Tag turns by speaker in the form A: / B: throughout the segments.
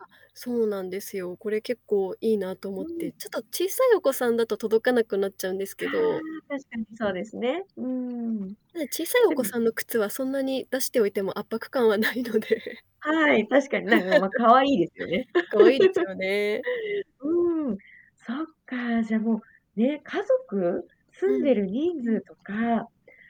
A: あ、そうなんですよ。これ結構いいなと
B: う
A: 思っ
B: ん。
A: て。ちょっと小さいお子さんだと届かなくなっちゃうんですけ
B: ああ、
A: ど。
B: 確かにそうですね。うーん。
A: で、小さいお
B: で
A: 子
B: も
A: さんの靴はそんなに出しておいても圧迫感はないので。
B: はい、確かになんかまあ 可愛いですよね。
A: 可愛いです よね。
B: うーん、そっか、じゃもう、ね、家族？
A: う
B: 住ん
A: ん。
B: でる人数とか、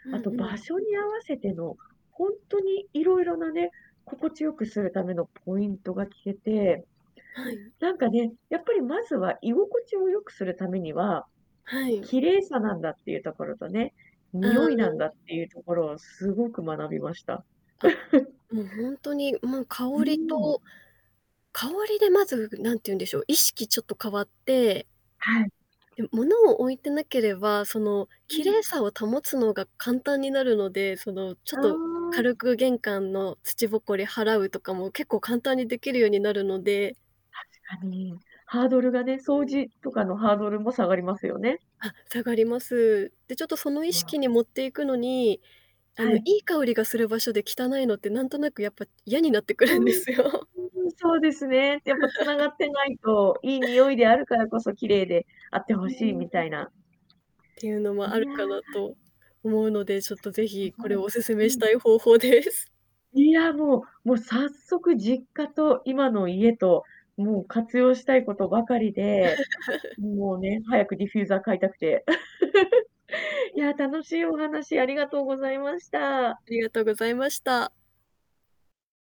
A: うん
B: あと
A: う
B: 場
A: ん。
B: 所に合わせてのほんとに色々なね、心地良くするためのポイントが聞けて、
A: はい。
B: なんかね、やっぱりまずは居心地を良くするためには
A: はい。
B: 綺麗さなんだっていうところとね、
A: う
B: 匂いなんだっ
A: ん。
B: ていうところをすごく学びました。
A: あ、もうほんとにもう香
B: うー
A: り
B: ん。
A: と。香りでまず何て言うんでしょう、意識ちょっと変わって。
B: はい。
A: で、物を置いてなければその、
B: う
A: 綺
B: ん。
A: 麗さを保つのが簡単になるので、そのちょっ
B: あ
A: と
B: あ。
A: 軽く玄関の土埃払うとかも結構簡単にできるようになるので。
B: 確かに。ハードルがね、
A: う
B: 掃
A: ん。
B: 除とかのハードルも下がりますよね。
A: あ、下がります。で、ちょっとその意識
B: わ。
A: に持っていくのに、あ
B: は
A: のい
B: い。
A: い香りがする場所で汚いのって何となくやっぱ嫌になってく
B: う
A: るんで
B: ん、
A: すよ。
B: うん、そうですね、やっぱ繋が ってないと、いい匂いであるからこそ綺麗であって
A: う
B: ほしい
A: ー
B: み
A: ん。
B: たいな。
A: っていうのも
B: い
A: ある
B: や。
A: かなと思うので、ちょっとぜひ
B: あ、
A: こ
B: は
A: れ
B: い。
A: お勧
B: う
A: めし
B: ん。
A: たい方法です。
B: いやもう、もう早速実家と今の家ともう活用したいことばかりで、もうね、早くディフューザー買いたくて いや、楽しいお話ありがとうございました。
A: ありがとうございました。